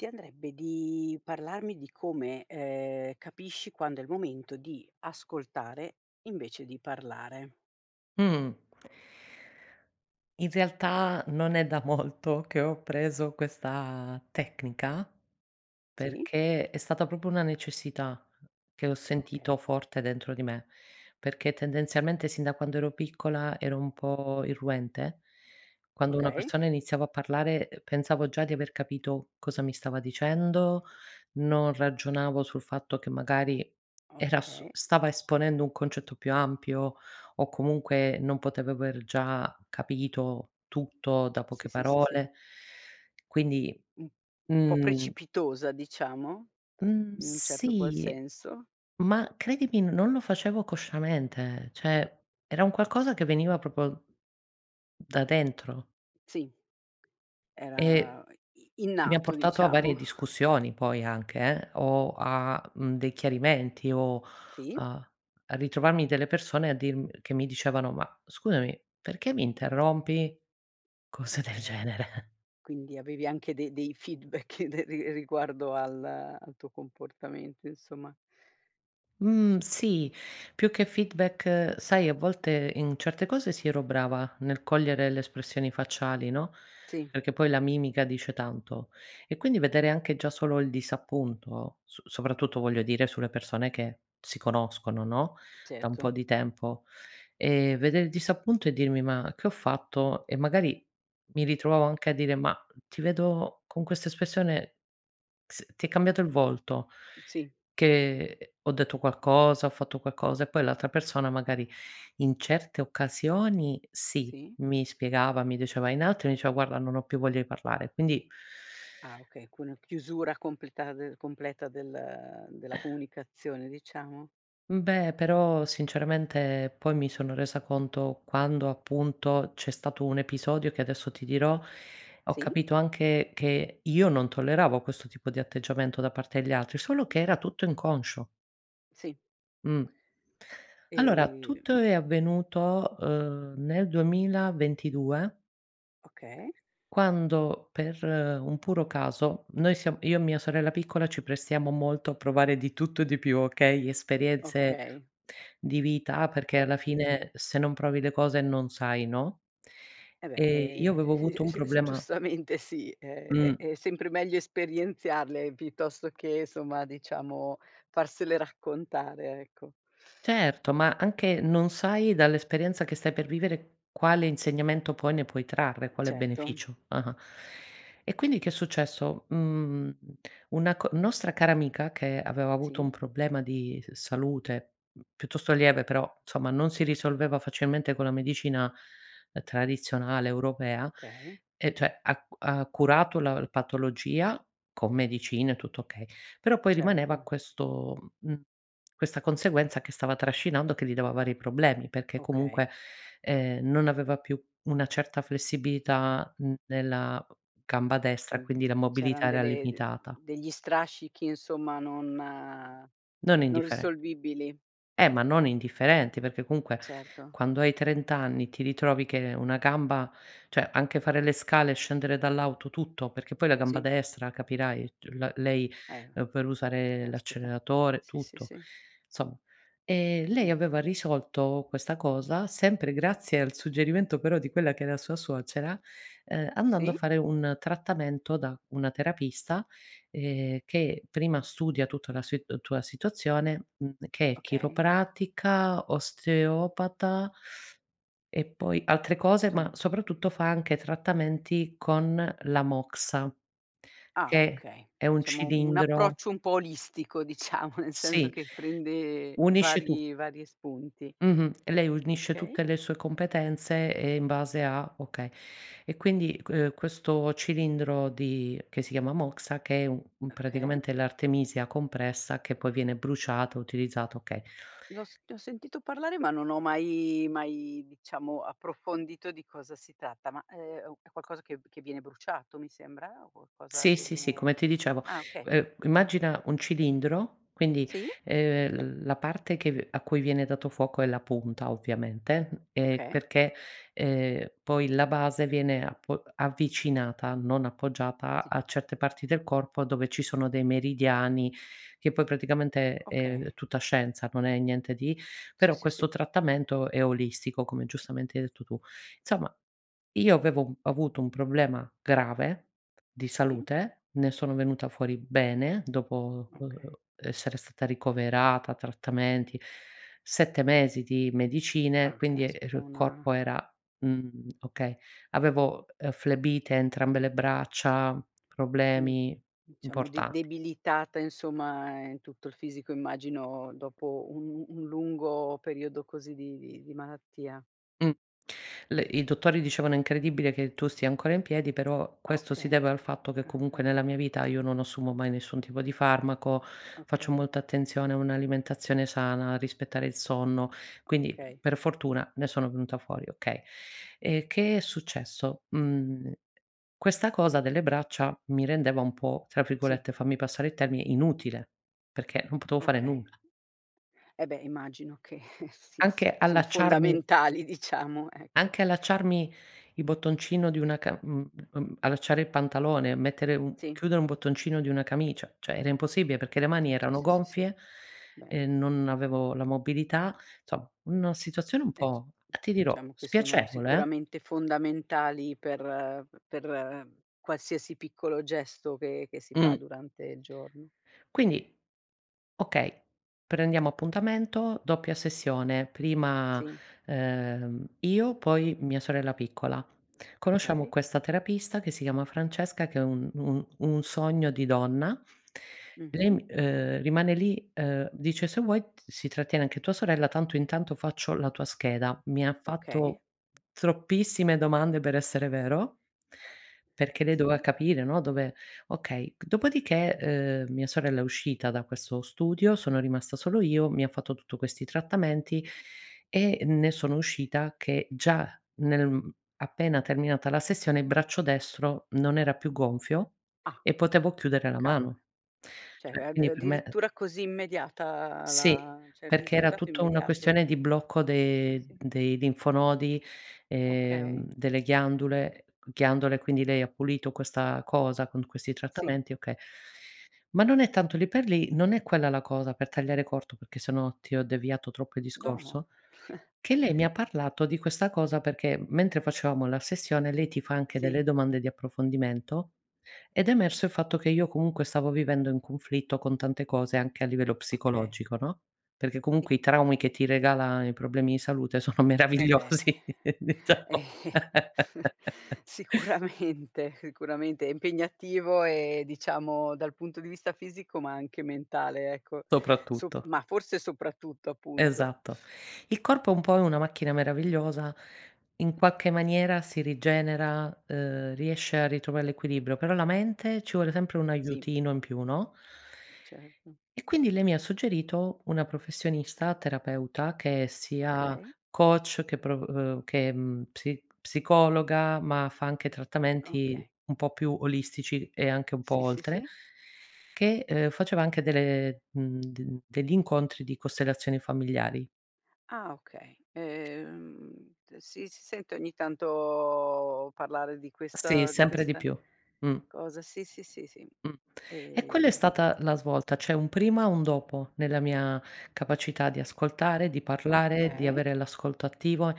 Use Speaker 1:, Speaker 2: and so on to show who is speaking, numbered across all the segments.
Speaker 1: Ti andrebbe di parlarmi di come, ehm, capisci quando è il momento di ascoltare invece di parlare?
Speaker 2: Mh. In realtà, non è da molto che ho appreso questa tecnica
Speaker 1: Sì?
Speaker 2: perché è stata proprio una necessità, che ho
Speaker 1: Okay.
Speaker 2: sentito forte dentro di me; perché tendenzialmente, sin da quando ero piccola ero un po' irruente. Quando una
Speaker 1: Okay.
Speaker 2: persona iniziava a parlare, uhm, pensavo già di aver capito cosa mi stava dicendo, non ragionavo sul fatto che magari era su
Speaker 1: Okay.
Speaker 2: stava esponendo un concetto più ampio o comunque non potev aver già capito tutto da
Speaker 1: Sì,
Speaker 2: poche
Speaker 1: sì, sì, sì.
Speaker 2: parole quindi,
Speaker 1: Mh. Po'
Speaker 2: mhmm
Speaker 1: precipitosa diciamo,
Speaker 2: Mh,
Speaker 1: in un certo qual
Speaker 2: sì
Speaker 1: senso.
Speaker 2: ma credimi, non lo facevo consciamente cioè era un qualcosa che veniva proprio da dentro.
Speaker 1: Sì.
Speaker 2: E
Speaker 1: Era i i
Speaker 2: e mi ha
Speaker 1: innato,
Speaker 2: portato a
Speaker 1: diciamo.
Speaker 2: varie discussioni poi anche eh, o, a, mhmm, dei chiarimenti o,
Speaker 1: Sì.
Speaker 2: a a ritrovarmi delle persone a dirm che mi dicevano: "Ma scusami, perché mi interrompi?" Cose del
Speaker 1: Okay,
Speaker 2: genere.
Speaker 1: quindi avevi anche de dei feedback de ri riguardo al al tuo comportamento insomma.
Speaker 2: Mhmm, sì più che feedback sai a volte, in certe cose si, ero brava, nel cogliere le espressioni facciali no,
Speaker 1: Sì.
Speaker 2: perché poi la mimica dice tanto; e quindi vedere anche già solo il disappunto, so soprattutto voglio dire sulle persone che si conoscono no, da un po'
Speaker 1: Certo.
Speaker 2: di tempo ehm, vedere il disappunto e dirmi: "Ma che ho fatto?" E magari mi ritrovavo anche a dire: "Ma ti vedo, con questa espressione s ti è cambiato il volto,
Speaker 1: Sì.
Speaker 2: che ho detto qualcosa, ho fatto qualcosa?" E poi l'altra persona magari in certe occasioni sì,
Speaker 1: Sì.
Speaker 2: mi spiegava, mi diceva in altri mi diceva: "Guarda non ho più voglia di parlare". Quindi
Speaker 1: Ah okay, con una chiusura completa d completa del della comunicazione diciamo.
Speaker 2: Beh però, sinceramente poi mi sono resa conto, quando appunto c'è stato un episodio che adesso ti dirò, ho
Speaker 1: Sì.
Speaker 2: capito anche che io non tolleravo questo tipo di atteggiamento da parte degli altri, solo che era tutto inconscio.
Speaker 1: Sì.
Speaker 2: Mh. Allora,
Speaker 1: Ehm
Speaker 2: tutto è avvenuto, uhm, nel 2022
Speaker 1: Okay.
Speaker 2: quando per un puro caso, noi siam io e mia sorella piccola ci prestiamo molto a provare di tutto e di più okay, esperienze
Speaker 1: Okay.
Speaker 2: di vita perché alla
Speaker 1: Di
Speaker 2: fine, se non provi le cose non sai no,
Speaker 1: E beh,
Speaker 2: ehm, io avevo
Speaker 1: ehm,
Speaker 2: avuto un
Speaker 1: s s
Speaker 2: problema
Speaker 1: giustamente sì, è
Speaker 2: Mh.
Speaker 1: è sempre meglio esperienzarle piuttosto che, insomma diciamo, farsele raccontare ecco.
Speaker 2: Certo, ma
Speaker 1: [unintelligible]
Speaker 2: anche non sai dall'esperienza che stai per vivere quale insegnamento poi ne puoi trarre, quale
Speaker 1: Certo.
Speaker 2: beneficio. Ah-ah, e quindi che è successo, mhmm, una co nostra cara amica, che aveva avuto un
Speaker 1: Sì.
Speaker 2: problema di s salute, mh, piuttosto lieve però, insomma non si risolveva facilmente con la medicina tradizionale europea
Speaker 1: Okay.
Speaker 2: e cioè ha ha curato la patologia con medicine tutto okay, però poi rimaneva
Speaker 1: Certo.
Speaker 2: questo, mhmm, questa conseguenza che stava trascinando, che gli dava vari problemi perché comunque,
Speaker 1: Okay.
Speaker 2: ehm, non aveva più una certa flessibilità n nella g gamba destra
Speaker 1: Mhmm,
Speaker 2: quindi la mobilità
Speaker 1: c'eran
Speaker 2: era
Speaker 1: delle de
Speaker 2: limitata.
Speaker 1: degli strascichi insomma non non
Speaker 2: Non indifferent
Speaker 1: risolvibili.
Speaker 2: Eh, ma non indifferenti, perché comunque,
Speaker 1: Certo.
Speaker 2: quando hai 30 anni, ti ritrovi che una gamba cioè anche fare le scale, scendere dall'auto tutto, perché poi la gamba
Speaker 1: Sì.
Speaker 2: destra capirai c la lei
Speaker 1: Eh,
Speaker 2: per usare
Speaker 1: caspita!
Speaker 2: l'acceleratore
Speaker 1: Sì, sì,
Speaker 2: tutto.
Speaker 1: sì.
Speaker 2: Somm ehm, lei
Speaker 1: Mh.
Speaker 2: aveva risolto questa cosa, sempre grazie al suggerimento però di quella che era sua suocera, uhm, andando a
Speaker 1: Sì?
Speaker 2: fare un trattamento da una terapista, ehm, che prima studia tutta la sit tua situazione, mhmm, che è
Speaker 1: Okay.
Speaker 2: chiropratica, osteopata e poi altre cose ma
Speaker 1: [unintelligible]
Speaker 2: soprattutto fa anche trattamenti con la moxa,
Speaker 1: Ah
Speaker 2: che
Speaker 1: okay,
Speaker 2: è un
Speaker 1: diciamo un
Speaker 2: cilindro
Speaker 1: approccio un po' olistico diciamo, nel senso
Speaker 2: Sì,
Speaker 1: che prende
Speaker 2: unisce tut
Speaker 1: vari vari spunti.
Speaker 2: Mh-mh, lei unisce
Speaker 1: Okay.
Speaker 2: tutte le sue competenze, ehm, in base a okay. E quindi, uhm, questo cilindro di che si chiama moxa, che è un
Speaker 1: Okay.
Speaker 2: praticamente l'artemisia compressa che poi viene bruciata, utilizzata, okay.
Speaker 1: L'ho s ne ho sentito parlare ma non ho mai mai diciamo approfondito di cosa si tratta, ma, ehm, è qualcosa che viene bruciato mi sembra, o qualcosa
Speaker 2: Sì,
Speaker 1: che
Speaker 2: sì, sì,
Speaker 1: viene
Speaker 2: come ti dicevo
Speaker 1: ah okay.
Speaker 2: uhm, immagina un cilindro quindi,
Speaker 1: Sì?
Speaker 2: ehm, la parte che a cui viene dato fuoco è la punta ovviamente, ehm,
Speaker 1: Okay.
Speaker 2: perché, ehm, poi la base viene apo avvicinata, non appoggiata
Speaker 1: Sì.
Speaker 2: a certe parti del corpo dove ci sono dei meridiani, che poi praticamente, uhm, è
Speaker 1: Okay.
Speaker 2: tutta scienza non è niente di
Speaker 1: Sì,
Speaker 2: però,
Speaker 1: sì,
Speaker 2: questo
Speaker 1: sì.
Speaker 2: trattamento è olistico, come giustamente hai detto tu. Insomma, io avevo avuto un problema grave, di
Speaker 1: Sì.
Speaker 2: salute ne sono venuta fuori bene, dopo, uhm,
Speaker 1: Okay.
Speaker 2: essere stata ricoverata, trattamenti, 7 mesi di medicine
Speaker 1: Ah
Speaker 2: quindi, ehm,
Speaker 1: caspita,
Speaker 2: il
Speaker 1: una
Speaker 2: corpo era mhmm, okay avevo, ehm, flebite a entrambe le braccia,
Speaker 1: Mol
Speaker 2: problemi
Speaker 1: diciamo de
Speaker 2: importanti.
Speaker 1: debilitata insomma, ehm, in tutto il fisico immagino dopo un un lungo periodo così di di di malattia.
Speaker 2: Mh, le i dottori dicevano incredibile che tu stia ancora in piedi però, questo si
Speaker 1: Okay,
Speaker 2: deve al fatto che
Speaker 1: ah
Speaker 2: comunque, nella
Speaker 1: cavoli.
Speaker 2: mia vita io non assumo mai nessun tipo di farmaco, faccio
Speaker 1: Okay.
Speaker 2: molta attenzione a un'alimentazione sana, rispettare il sonno, quindi
Speaker 1: Okay.
Speaker 2: per fortuna, ne sono venuta fuori okay. Ehm, che è successo, mhmm, questa cosa delle braccia mi rendeva un po', tra
Speaker 1: Sì.
Speaker 2: virgolette fammi passare il termine, "inutile" perché non potevo fare
Speaker 1: Okay.
Speaker 2: nulla.
Speaker 1: Eh beh immagino che sì,
Speaker 2: Anche
Speaker 1: se, sono
Speaker 2: allacciarmi
Speaker 1: fondamentali diciamo ecco.
Speaker 2: anche allacciarmi il bottoncino di una ca mhmm, mhmm, allacciare il pantalone, mettere un
Speaker 1: Sì.
Speaker 2: chiudere un un bottoncino di una camicia; cioè era impossibile, perché le mani
Speaker 1: C'è
Speaker 2: erano
Speaker 1: sì, sì, sì, sì.
Speaker 2: gonfie
Speaker 1: Beh.
Speaker 2: ehm, non avevo la mobilità, somm una situazione un po',
Speaker 1: E c
Speaker 2: uhm, ti dirò,
Speaker 1: diciamo che sono
Speaker 2: spiacevole eh.
Speaker 1: sicuramente fondamentali per per qualsiasi piccolo gesto che che si fa
Speaker 2: Mh.
Speaker 1: durante il giorno.
Speaker 2: Quindi okay, prendiamo appuntamento, doppia sessione, prima,
Speaker 1: Sì.
Speaker 2: ehm, io poi mia sorella piccola. Conosciamo
Speaker 1: Okay.
Speaker 2: questa terapista che si chiama Francesca, che è un un un sogno di donna,
Speaker 1: Mh-mh.
Speaker 2: lei, ehm, rimane lì, uhm, dice: "Se vuoi si trattiene anche tua sorella tanto, intanto faccio la tua scheda". Mi ha
Speaker 1: Okay.
Speaker 2: fatto troppissime domande per essere vero perché, lei doveva
Speaker 1: Sì.
Speaker 2: capire no, dove okay. Dopodiché, uhm, mia sorella è uscita da questo studio, sono rimasta solo io, mi ha fatto tutto questi trattamenti e ne sono uscita che già nel, mhmm, appena terminata la sessione, il braccio destro non era più gonfio
Speaker 1: Ah!
Speaker 2: e potevo chiudere la
Speaker 1: Cavol
Speaker 2: mano.
Speaker 1: cioè
Speaker 2: Cioè
Speaker 1: a
Speaker 2: quindi
Speaker 1: a
Speaker 2: per me, eh
Speaker 1: addirittura così immediata
Speaker 2: Sì,
Speaker 1: la cioè il
Speaker 2: perché era
Speaker 1: risultato è
Speaker 2: tutta una
Speaker 1: immediato?
Speaker 2: questione di blocco
Speaker 1: Sì,
Speaker 2: de
Speaker 1: sì.
Speaker 2: dei linfonodi e,
Speaker 1: Okay.
Speaker 2: uhm, delle ghiandule ghiandole quindi lei ha pulito questa cosa con questi
Speaker 1: Sì.
Speaker 2: trattamenti okay. Ma non è tanto lì per lì, non è quella la cosa per tagliare corto, perché se no, ti ho deviato troppo il
Speaker 1: No, no.
Speaker 2: discorso, che lei mi ha parlato di questa cosa perché mentre facevamo la sessione lei ti fa anche delle
Speaker 1: Sì.
Speaker 2: domande di approfondimento, ed è emerso il fatto che io comunque stavo vivendo in conflitto con tante cose anche a livello
Speaker 1: Okay.
Speaker 2: psicologico, no, perché
Speaker 1: Sì.
Speaker 2: comunque i traumi che ti regala i problemi di salute sono
Speaker 1: Eh beh.
Speaker 2: meravigliosi diciamo.
Speaker 1: Sicuramente, sicuramente è impegnativo e diciamo dal punto di vista fisico, ma anche mentale ecco, so
Speaker 2: Soprattutto.
Speaker 1: ma forse soprattutto appunto.
Speaker 2: Esatto. Il corpo è un po' è una macchina meravigliosa, in qualche maniera si rigenera, uhm, riesce a ritrovare l'equilibrio però la mente, ci vuole sempre un
Speaker 1: Sì.
Speaker 2: aiutino in più no.
Speaker 1: Certo.
Speaker 2: E quindi lei mi ha suggerito una professionista terapeuta che è sia
Speaker 1: Okay.
Speaker 2: coach, che pro uhm, che psi psicologa, ma fa anche trattamenti
Speaker 1: Okay.
Speaker 2: un po' più olistici e anche un po'
Speaker 1: Sì, sì,
Speaker 2: oltre,
Speaker 1: sì.
Speaker 2: che, ehm, faceva anche delle, mhmm, de degli incontri di costellazioni familiari.
Speaker 1: Ah okay, ehm, si si sente ogni tanto, parlare di
Speaker 2: Sì,
Speaker 1: questa di
Speaker 2: sempre di
Speaker 1: questa
Speaker 2: più. Mh.
Speaker 1: cosa. Sì, sì, sì, sì,
Speaker 2: Mh, e quella è
Speaker 1: ehm
Speaker 2: stata la svolta. C'è un prima e un dopo nella mia capacità di ascoltare, di parlare, di
Speaker 1: Okay.
Speaker 2: avere l'ascolto attivo,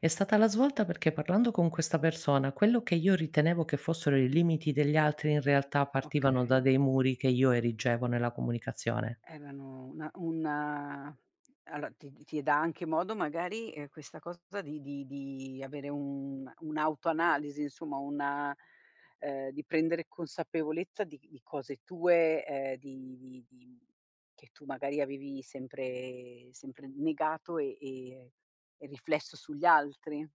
Speaker 2: è stata la svolta perché parlando con questa persona, quello che io ritenevo che fossero i limiti degli altri in realtà partivano da
Speaker 1: Okay.
Speaker 2: dei muri che io erigevo nella comunicazione.
Speaker 1: Erano una una allo ti ti dà anche modo magari, ehm, questa cosa di di di avere una un'autoanalisi insomma una uhm, di prendere consapevolezza di di cose tue, uhm, di di di che tu magari avevi sempre sempre negato e e e riflesso sugli altri?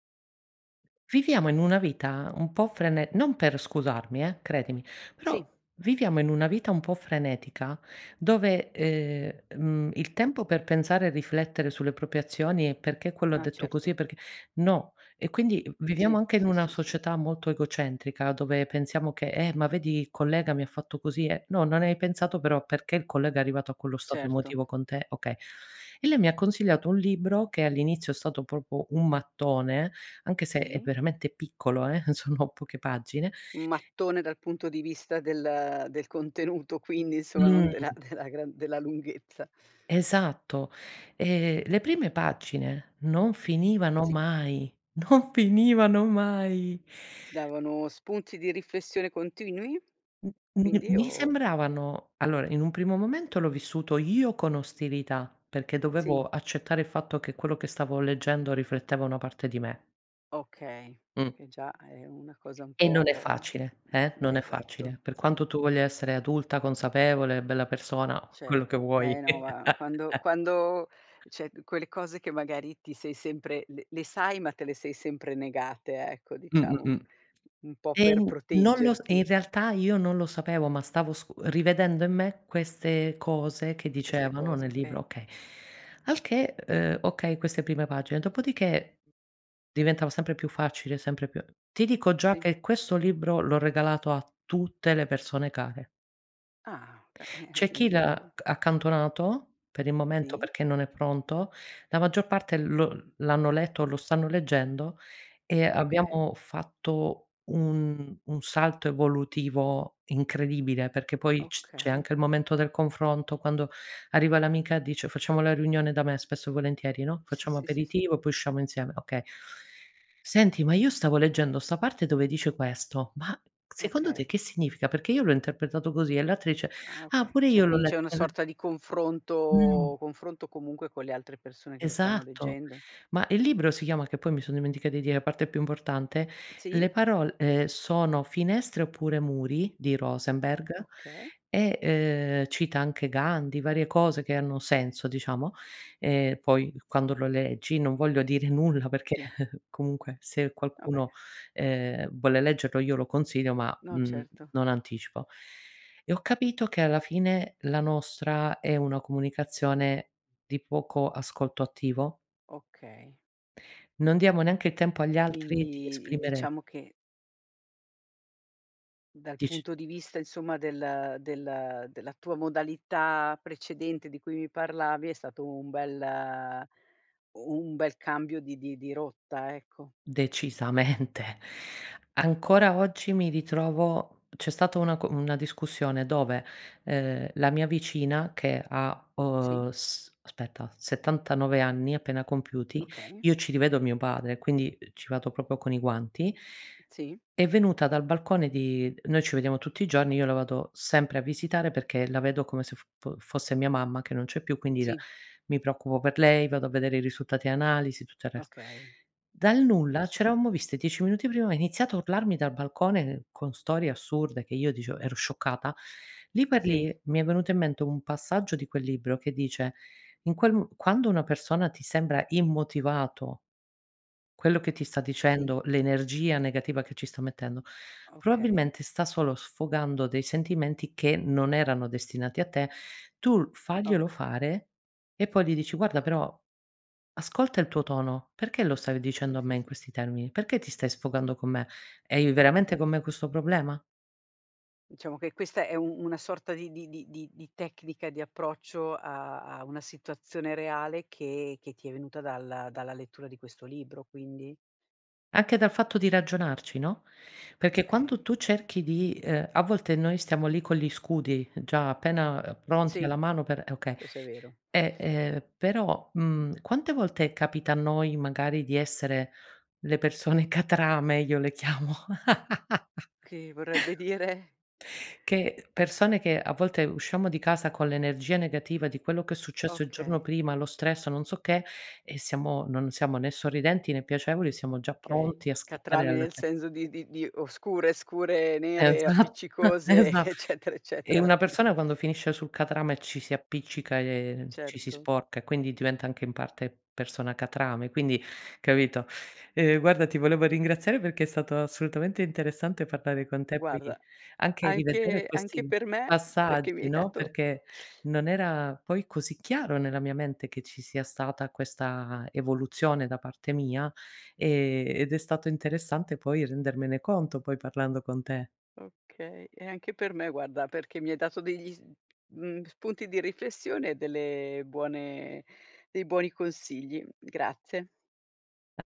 Speaker 2: Viviamo in una vita un po' frene non per scusarmi eh, credimi, però
Speaker 1: Sì.
Speaker 2: viviamo in una vita un po' frenetica dove, ehm, mhmm, il tempo per pensare e riflettere sulle proprie azioni e "Perché quello ha
Speaker 1: Ah,
Speaker 2: detto così?
Speaker 1: certo.
Speaker 2: E perché" no, e quindi, uhm, viviamo
Speaker 1: Sì,
Speaker 2: anche in
Speaker 1: sì,
Speaker 2: una
Speaker 1: sì, sì.
Speaker 2: società molto egocentrica, dove pensiamo che: "Eh, ma vedi i collega mi ha fatto così e" no, non hai pensato però perché il collega è arrivato a quello stato
Speaker 1: Certo.
Speaker 2: emotivo con te, okay, e lei mi ha consigliato un libro che all'inizio è stato proprio un mattone, anche se è
Speaker 1: Sì.
Speaker 2: veramente piccolo eh, sono poche pagine.
Speaker 1: Un mattone dal punto di vista del del contenuto quindi, insomma non della
Speaker 2: Mh.
Speaker 1: della gran della lunghezza.
Speaker 2: Esatto, e le prime pagine non finivano
Speaker 1: Sì.
Speaker 2: mai, non finivano mai!
Speaker 1: Davano spunti di riflessione continui?
Speaker 2: [unintelligible]
Speaker 1: Quindi, o
Speaker 2: mi
Speaker 1: o
Speaker 2: sembravano allora, in un primo momento l'ho vissuto io con ostilità, perché dovevo
Speaker 1: Sì.
Speaker 2: accettare il fatto che quello che stavo leggendo rifletteva una parte di me.
Speaker 1: Okay,
Speaker 2: Mh.
Speaker 1: che già è una cosa un
Speaker 2: E non è
Speaker 1: po'
Speaker 2: facile, eh, non è facile.
Speaker 1: esatto
Speaker 2: Per quanto tu
Speaker 1: esatto.
Speaker 2: voglia essere adulta, consapevole, bella persona, quello che
Speaker 1: Certo. Eh
Speaker 2: vuoi.
Speaker 1: no ma, quando quando cioè, quelle cose che, magari, ti sei sempre le le sai ma te le sei sempre negate, ecco,
Speaker 2: Mh, mh,
Speaker 1: diciamo,
Speaker 2: mh.
Speaker 1: un po' per
Speaker 2: Ehm, n non lo s e in
Speaker 1: proteggerti.
Speaker 2: realtà io non lo sapevo, ma stavo scu rivedendo in me queste cose che
Speaker 1: Queste
Speaker 2: dicevano
Speaker 1: cose,
Speaker 2: nel libro,
Speaker 1: okay.
Speaker 2: okay. Al che, ehm, okay, queste prime pagine, dopodiché diventava sempre più facile, sempre più ti dico già
Speaker 1: Sì.
Speaker 2: che questo libro l'ho regalato a tutte le persone care.
Speaker 1: Ah, oka eh-eh,
Speaker 2: C'è chi
Speaker 1: quindi vuo
Speaker 2: l'ha accantonato, per il momento
Speaker 1: Sì?
Speaker 2: perché non è pronto, la maggior parte lo l'hanno letto, o lo stanno leggendo e
Speaker 1: Oka
Speaker 2: abbiamo fatto un un salto evolutivo incredibile perché poi c c'è
Speaker 1: Okay.
Speaker 2: anche il momento del confronto, quando arriva l'amica dice facciamo la riunione da me, spesso e volentieri, no,
Speaker 1: Sì,
Speaker 2: facciamo
Speaker 1: sì, sì, sì.
Speaker 2: aperitivo, poi usciamo insieme, okay. "Senti, ma io stavo leggendo sta parte dove dice questo, ma secondo te
Speaker 1: Okay.
Speaker 2: che significa? Perché io l'ho interpretato così," e l'altra dice:
Speaker 1: Ah,
Speaker 2: "Ah,
Speaker 1: okay.
Speaker 2: pure
Speaker 1: C'è u
Speaker 2: io l'ho
Speaker 1: quindi c'è
Speaker 2: letto."
Speaker 1: una
Speaker 2: [unintelligible]
Speaker 1: sorta di
Speaker 2: Mh.
Speaker 1: confronto confronto comunque con le altre persone che lo stanno
Speaker 2: Esatto!
Speaker 1: leggendo?
Speaker 2: Ma il libro si chiama, che poi mi son dimenticata di dire a parte più importante,
Speaker 1: Sì?
Speaker 2: "Le parol ehm, sono finestre (oppure muri)" di Rosenberg
Speaker 1: Okay.
Speaker 2: e, ehm, cita anche Gandhi varie cose che hanno senso, diciamo, e poi quando lo leggi, non voglio dire nulla perché
Speaker 1: Sì.
Speaker 2: comunque se
Speaker 1: Va beh.
Speaker 2: qualcuno, ehm, vuole leggerlo io lo consiglio ma,
Speaker 1: No,
Speaker 2: mhmm,
Speaker 1: certo.
Speaker 2: non anticipo. E ho capito che alla fine la nostra è una comunicazione di poco ascolto attivo.
Speaker 1: Okay.
Speaker 2: Non diamo neanche i tempo agli altri di
Speaker 1: Quindi, i
Speaker 2: esprimere
Speaker 1: diciamo che dal
Speaker 2: Dic
Speaker 1: punto di vista insomma del del della tua modalità precedente di cui mi parlavi, è stato un bel u un bel cambio di di di rotta, ecco.
Speaker 2: Decisamente. Ancora oggi mi ritrovo c'è stata una co una discussione dove, ehm, la mia vicina, che ha,
Speaker 1: Sì.
Speaker 2: uhm, s aspetta 79 anni appena compiuti,
Speaker 1: Okay.
Speaker 2: io ci rivedo mio padre e quindi ci vado proprio con i guanti
Speaker 1: Sì.
Speaker 2: è venuta dal balcone di noi ci vediamo tutti i giorni, io la vado sempre a visitare perché la vedo come se f fo fosse mia mamma, che non c'è più, quindi la
Speaker 1: Sì.
Speaker 2: mi preoccupo per lei, vado a vedere i risultati e analisi, tutto il resto.
Speaker 1: Okay.
Speaker 2: Dal
Speaker 1: Sì,
Speaker 2: nulla,
Speaker 1: sì,
Speaker 2: c'
Speaker 1: sì.
Speaker 2: eravamo visti 10 minuti prima, ha iniziato a urlarmi dal balcone con storie assurde, che io dicevo ero scioccata, lì per
Speaker 1: Sì.
Speaker 2: lì mi è venuto in mente un passaggio di quel libro che dice: in quel m quando una persona ti sembra immotivato quello che ti sta
Speaker 1: Sì.
Speaker 2: dicendo, l'energia negativa che ci sta mettendo,
Speaker 1: Okay.
Speaker 2: probabilmente sta solo sfogando dei sentimenti che non erano destinati a te; tu l faglielo
Speaker 1: Oka
Speaker 2: fare, e poi gli dici: "Guarda,
Speaker 1: Ah.
Speaker 2: però, ascolta il tuo tono, perché lo stavi
Speaker 1: Sì,
Speaker 2: dicendo a
Speaker 1: sì,
Speaker 2: me in
Speaker 1: sì.
Speaker 2: questi termini? Perché ti stai sfogando con me? Hai veramente con
Speaker 1: Okay.
Speaker 2: me questo problema?"
Speaker 1: Diciamo, che questa è u una sorta di di di di di tecnica di approccio a a una situazione reale che che ti é venuta dalla dalla lettura di questo libro, quindi?
Speaker 2: Anche dal fatto di ragionarci, no, perché quando
Speaker 1: Okay.
Speaker 2: tu cerchi di ehm, a volte noi stiamo lì con gli scudi già, appena ehm, pronti
Speaker 1: Sì,
Speaker 2: alla mano per e okay.
Speaker 1: questo é vero.
Speaker 2: E, ehm, però, mhmm, quante volte capita a noi, magari, di essere le persone catrame? Io le chiamo
Speaker 1: Che vorrebbe dire?
Speaker 2: che persone che, a volte usciamo di casa con l'energia negativa di quello che è successo il giorno
Speaker 1: Okay.
Speaker 2: prima, lo stress, o non so che e siamo non siamo né sorridenti né piacevoli e siamo già pronti
Speaker 1: Okay,
Speaker 2: a scappare
Speaker 1: catrame
Speaker 2: alla.
Speaker 1: nel
Speaker 2: [unintelligible]
Speaker 1: senso di di di oscure, scure, nere e
Speaker 2: Esatt
Speaker 1: appiccicose
Speaker 2: esa
Speaker 1: eccetera,
Speaker 2: e
Speaker 1: eccetera?
Speaker 2: una persona quando finisce sul catrame ci si appiccica e ci si
Speaker 1: Certo.
Speaker 2: sporca, e quindi diventa anche in parte persona catrame quindi, capito? Ehm, guarda ti volevo ringraziare perché è stato assolutamente interessante parlare con te, poi
Speaker 1: Guarda,
Speaker 2: anche di vedere
Speaker 1: anche anche
Speaker 2: questi
Speaker 1: per me, perché mi
Speaker 2: passaggi,
Speaker 1: hai
Speaker 2: no,
Speaker 1: dato
Speaker 2: perché non era poi così chiaro nella mia mente che ci sia stata questa evoluzione da parte mia, ehm, ed è stato interessante poi rendermene conto, poi parlando con te
Speaker 1: Okay, e anche per me guarda perché mi hai dato degli s mhmm, spunti di riflessione e delle buone dei buoni consigli. Grazie.